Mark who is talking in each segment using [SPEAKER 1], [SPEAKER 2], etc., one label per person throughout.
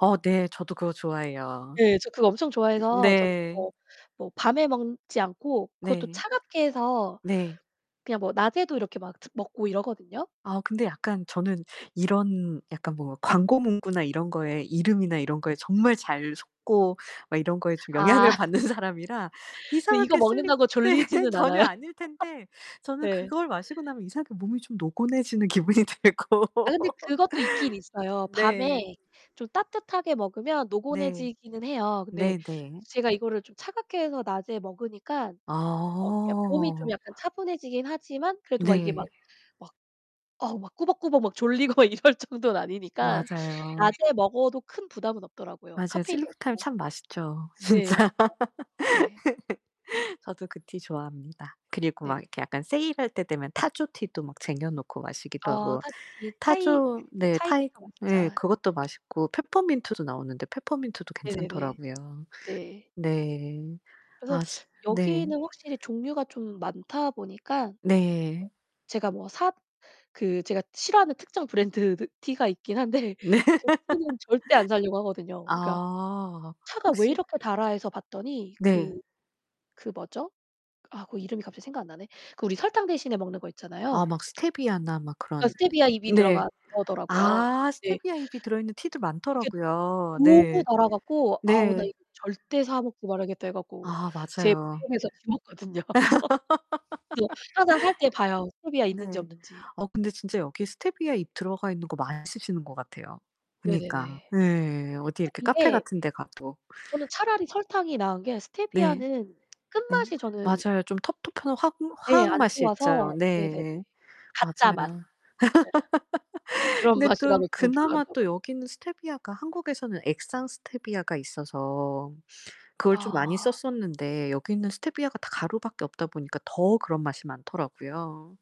[SPEAKER 1] 어 네 저도 그거 좋아해요.
[SPEAKER 2] 예. 저 그거 엄청
[SPEAKER 1] 음
[SPEAKER 2] 좋아해서 저는
[SPEAKER 1] 네.
[SPEAKER 2] 그거 뭐 밤에 먹지 않고 그것도
[SPEAKER 1] 네.
[SPEAKER 2] 차갑게 해서
[SPEAKER 1] 네
[SPEAKER 2] 그냥 뭐 낮에도 이렇게 막 먹고 이러거든요.
[SPEAKER 1] 아 근데 약간 저는 이런 약간 뭐 광고문구나 이런 거에 이름이나 이런 거에 정말 잘 속고 막 이런 거에 좀
[SPEAKER 2] 아.
[SPEAKER 1] 영향을 받는 사람이라
[SPEAKER 2] 근데 이거
[SPEAKER 1] 이상하게 슬립
[SPEAKER 2] 먹는다고
[SPEAKER 1] 네
[SPEAKER 2] 졸리지는 않아요.
[SPEAKER 1] 전혀 아닐텐데 저는
[SPEAKER 2] 네.
[SPEAKER 1] 그걸 마시고 나면 이상하게 몸이 좀 노곤해지는 기분이 들고
[SPEAKER 2] 아 근데 그것도 있긴 있어요.
[SPEAKER 1] 네.
[SPEAKER 2] 밤에 좀 따뜻하게 먹으면
[SPEAKER 1] 네.
[SPEAKER 2] 노곤해지기는 해요. 근데
[SPEAKER 1] 네네.
[SPEAKER 2] 제가 이거를 좀 차갑게 해서 낮에 먹으니까 어 약 몸이 좀
[SPEAKER 1] 아.
[SPEAKER 2] 약간 차분해지긴 하지만 그래도 막 이게 막
[SPEAKER 1] 네.
[SPEAKER 2] 막 어우 막 꾸벅꾸벅 막 졸리고 이럴 정도는 아니니깐
[SPEAKER 1] 맞아요.
[SPEAKER 2] 낮에 먹어도 큰 부담은 없더라고요
[SPEAKER 1] 맞아요.
[SPEAKER 2] 카페인도
[SPEAKER 1] 슬리프타임
[SPEAKER 2] 없고.
[SPEAKER 1] 참 맛있죠
[SPEAKER 2] 네
[SPEAKER 1] 진짜.
[SPEAKER 2] 맛있죠. 네.
[SPEAKER 1] 저도 그 티 좋아합니다. 그리고
[SPEAKER 2] 네.
[SPEAKER 1] 막 약간 세일할 때 되면 타조티도 막 쟁여놓고 마시기도
[SPEAKER 2] 아
[SPEAKER 1] 하고
[SPEAKER 2] 타조티 차이
[SPEAKER 1] 타조 네 차이
[SPEAKER 2] 차이티도
[SPEAKER 1] 네
[SPEAKER 2] 맛있죠.
[SPEAKER 1] 그것도 맛있고 페퍼민트도 나오는데 페퍼민트도
[SPEAKER 2] 네네네.
[SPEAKER 1] 괜찮더라고요.
[SPEAKER 2] 네.
[SPEAKER 1] 네.
[SPEAKER 2] 그래서
[SPEAKER 1] 아 진 네.
[SPEAKER 2] 여기는 확실히 종류가 좀 많다보니까
[SPEAKER 1] 네.
[SPEAKER 2] 제가 뭐 사 그 제가 싫어하는 특정 브랜드 티가 있긴 한데
[SPEAKER 1] 네.
[SPEAKER 2] 그 티는 절대 안 사려고 하거든요. 그러니까
[SPEAKER 1] 아.
[SPEAKER 2] '차가 왜
[SPEAKER 1] 혹시
[SPEAKER 2] 이렇게 달아?' 해서 봤더니
[SPEAKER 1] 네.
[SPEAKER 2] 그 그 뭐죠? 아 그 이름이 갑자기 생각이 안 나네. 그 우리 설탕 대신에 먹는 거 있잖아요.
[SPEAKER 1] 아 막 스테비아나 막 그런
[SPEAKER 2] 스테비아 잎이
[SPEAKER 1] 네.
[SPEAKER 2] 들어간 거더라고요.
[SPEAKER 1] 아
[SPEAKER 2] 네.
[SPEAKER 1] 스테비아 잎이 들어있는 티도
[SPEAKER 2] 이게
[SPEAKER 1] 많더라고요.
[SPEAKER 2] 너무
[SPEAKER 1] 네.
[SPEAKER 2] 달아 갖고 '아 나
[SPEAKER 1] 네.
[SPEAKER 2] 이거 절대 사 먹지 말아야겠다.' 해 갖고
[SPEAKER 1] 아
[SPEAKER 2] 제
[SPEAKER 1] 맞아요.
[SPEAKER 2] [unintelligible] 거든요. 그래서 항상 살 때 봐요. 스테비아 있는지
[SPEAKER 1] 네.
[SPEAKER 2] 없는지.
[SPEAKER 1] 어 근데 진짜 여기 스테비아 잎 들어가있는거 많이 쓰시는거 같아요. 그니까.
[SPEAKER 2] 네네네.
[SPEAKER 1] 예 어디 이렇게 카페
[SPEAKER 2] 이게
[SPEAKER 1] 같은데 가도.
[SPEAKER 2] 저는 차라리 설탕이 나은 게
[SPEAKER 1] 네.
[SPEAKER 2] 스테피아는
[SPEAKER 1] 음
[SPEAKER 2] 끝맛이 저는
[SPEAKER 1] 맞아요. 좀 텁텁한 화
[SPEAKER 2] 예
[SPEAKER 1] 화학
[SPEAKER 2] 안
[SPEAKER 1] 맛이
[SPEAKER 2] 좋아서
[SPEAKER 1] 있죠.
[SPEAKER 2] 네네네.
[SPEAKER 1] 네
[SPEAKER 2] 가짜 맛.
[SPEAKER 1] 맞아요.
[SPEAKER 2] 예. 그런
[SPEAKER 1] 근데
[SPEAKER 2] 맛이
[SPEAKER 1] 그
[SPEAKER 2] 나면 저는 별로 안
[SPEAKER 1] 그나마 또
[SPEAKER 2] 좋아하거든요.
[SPEAKER 1] 여기는 스테비아가 한국에서는 액상 스테비아가 있어서 그걸 좀 많이
[SPEAKER 2] 아.
[SPEAKER 1] 썼었는데 여기는 스테비아가 다 가루밖에 없다보니까 더 그런 맛이 많더라고요.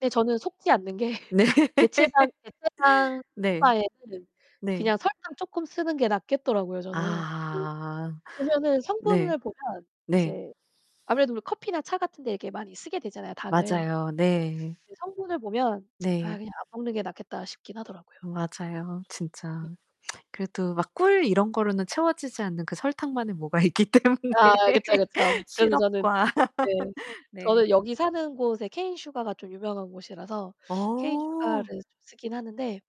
[SPEAKER 2] 근데 저는 속지 않는 게
[SPEAKER 1] 네.
[SPEAKER 2] 대체당 대체당 먹을
[SPEAKER 1] 네.
[SPEAKER 2] 바에는
[SPEAKER 1] 네.
[SPEAKER 2] 그냥 설탕 쪼끔 쓰는 게 낫겠더라고요 저는.
[SPEAKER 1] 아
[SPEAKER 2] 보면은
[SPEAKER 1] 네.
[SPEAKER 2] 성분을 보면
[SPEAKER 1] 네.
[SPEAKER 2] 이제 아무래도 뭐 커피나 차 같은 데 이렇게 많이 쓰게 되잖아요 당을.
[SPEAKER 1] 맞아요. 네.
[SPEAKER 2] 그 성분을 보면 '아
[SPEAKER 1] 네.
[SPEAKER 2] 그냥 안 먹는 게 낫겠다.' 싶긴 하더라고요.
[SPEAKER 1] 맞아요 진짜.
[SPEAKER 2] [unintelligible]
[SPEAKER 1] 그래도 막 꿀 이런거로는 채워지지 않는 그 설탕만의 뭐가 있기 때문에
[SPEAKER 2] 아 그쵸. 그쵸. 그래서 저는
[SPEAKER 1] 시럽과
[SPEAKER 2] 예 저는
[SPEAKER 1] 네.
[SPEAKER 2] 여기 사는 곳에 케인 슈가 가 좀 유명한 곳이라서 케인 슈가
[SPEAKER 1] 어.
[SPEAKER 2] 를 쓰긴 하는데